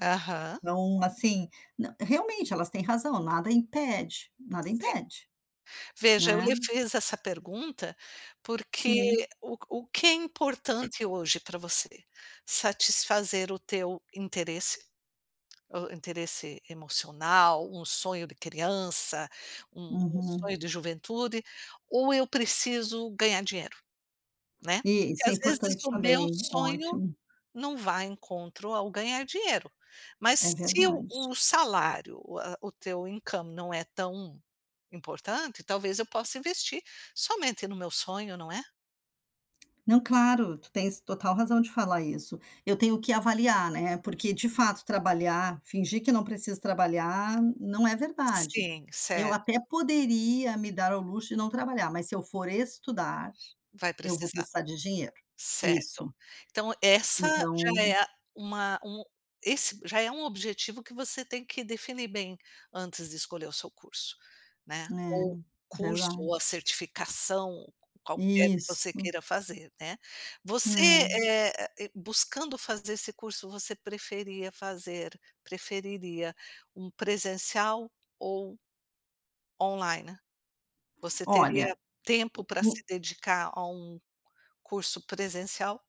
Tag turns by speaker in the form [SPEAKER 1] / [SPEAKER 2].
[SPEAKER 1] Aham.
[SPEAKER 2] Não, assim, nã realmente, elas têm razão, nada impede. Nada
[SPEAKER 1] Sim,
[SPEAKER 2] impede,
[SPEAKER 1] veja eu
[SPEAKER 2] né.
[SPEAKER 1] lhe fiz essa pergunta, porque
[SPEAKER 2] Sim.
[SPEAKER 1] o o que é importante hoje pra você? Satisfazer o teu interesse, hã, interesse emocional, um sonho de criança, um
[SPEAKER 2] Uhum.
[SPEAKER 1] sonho de juventude, ou "Eu preciso ganhar dinheiro", né, porque
[SPEAKER 2] Isso, é
[SPEAKER 1] às vezes
[SPEAKER 2] importante
[SPEAKER 1] o meu
[SPEAKER 2] também.
[SPEAKER 1] sonho
[SPEAKER 2] Ótimo.
[SPEAKER 1] não vai em encontro ao "ganhar dinheiro". Mas
[SPEAKER 2] É
[SPEAKER 1] se o
[SPEAKER 2] verdade.
[SPEAKER 1] o salário, ah, o teu incoming não é tão importante, talvez eu possa investir somente no meu sonho, não é?
[SPEAKER 2] Não, claro, tu tens total razão de falar isso, eu tenho que avaliar, né, porque, de fato trabalhar, fingir que não precisa trabalhar, não é verdade.
[SPEAKER 1] Sim,
[SPEAKER 2] Eu
[SPEAKER 1] certo.
[SPEAKER 2] até poderia me dar ao luxo de não trabalhar, mas se eu for estudar,
[SPEAKER 1] Vai
[SPEAKER 2] eu vou
[SPEAKER 1] precisar,
[SPEAKER 2] precisar de dinheiro.
[SPEAKER 1] certo.
[SPEAKER 2] Isso
[SPEAKER 1] Então essa já
[SPEAKER 2] então
[SPEAKER 1] é, ah, uma um esse já é um objetivo que você tem que definir bem antes de escolher o seu curso, né, ou
[SPEAKER 2] É,
[SPEAKER 1] curso
[SPEAKER 2] verdade.
[SPEAKER 1] ou a certificação, qualquer que
[SPEAKER 2] Isso.
[SPEAKER 1] você queira fazer, né, você,
[SPEAKER 2] É.
[SPEAKER 1] eh ah eh, buscando fazer esse curso, você preferia fazer preferiria um presencial ou online? Você teria
[SPEAKER 2] Olha,
[SPEAKER 1] tempo
[SPEAKER 2] o
[SPEAKER 1] pra se
[SPEAKER 2] o
[SPEAKER 1] dedicar a um curso presencial?